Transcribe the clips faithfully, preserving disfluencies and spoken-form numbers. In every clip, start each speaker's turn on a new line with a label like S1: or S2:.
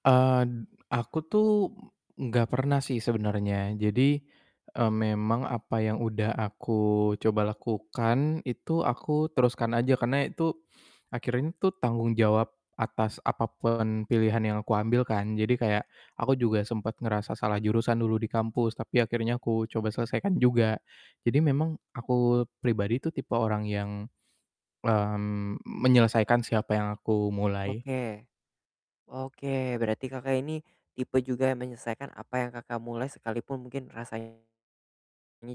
S1: Eee, d aku tuh, m nggak pernah sih sebenernya jadi, eee, memang apa yang udah aku coba lakukan, itu aku teruskan aja karena itu, akhirnya tuh, tanggung jawab atas apa pun pilihan yang aku ambil kan jadi kayak, aku juga sempet ngerasa salah jurusan dulu di kampus tapi akhirnya aku coba selesaikan juga, jadi memang aku pribadi tuh tipe orang yang, mmm, menyelesaikan sih apa yang aku mulai.
S2: Oke. Oke, berarti Kakak, ini tipe juga yang menyelesaikan apa yang Kakak, mulai sekalipun mungkin rasanya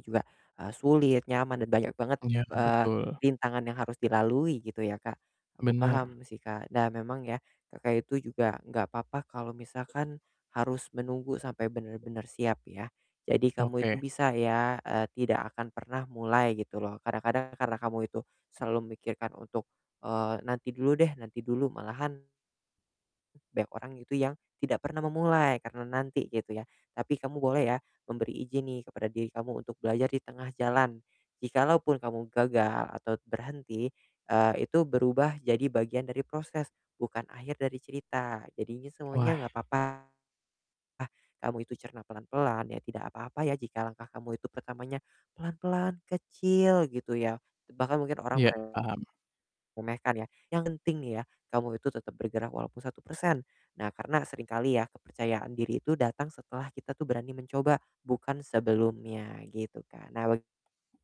S2: juga, eee, sulit, nyaman dan banyak banget,
S1: Iya,
S2: eee,
S1: betul.
S2: rintangan yang harus dilalui gitu ya Kak. Aku
S1: Bener.
S2: paham sih Kak. Nah memang ya Kakak, itu juga enggak apa-apa kalau misalkan, harus menunggu sampai benar-benar siap ya, jadi kamu itu
S1: Oke.
S2: bisa ya, eee, tidak akan pernah mulai gitu loh, kadang-kadang karena kamu itu selalu memikirkan untuk, eee, nanti dulu deh nanti dulu malahan banyak orang itu yang tidak pernah memulai karena nanti gitu ya. Tapi kamu boleh ya, memberi izin nih kepada diri kamu untuk belajar di tengah jalan. Jikalau pun kamu gagal atau berhenti, eee, itu berubah jadi bagian dari proses, bukan akhir dari cerita. Jadinya semuanya
S1: Wah.
S2: enggak apa-apa kamu itu cerna pelan-pelan ya tidak apa-apa ya, jika langkah kamu itu pertamanya, pelan-pelan, kecil gitu ya, te bahkan mungkin orang
S1: Iya, paham.
S2: meremehkan ya, yang penting nih ya, kamu itu tetap bergerak walaupun satu persen. Nah, karena sering kali ya kepercayaan diri itu datang setelah kita tuh berani mencoba, bukan sebelumnya gitu kan, nah wek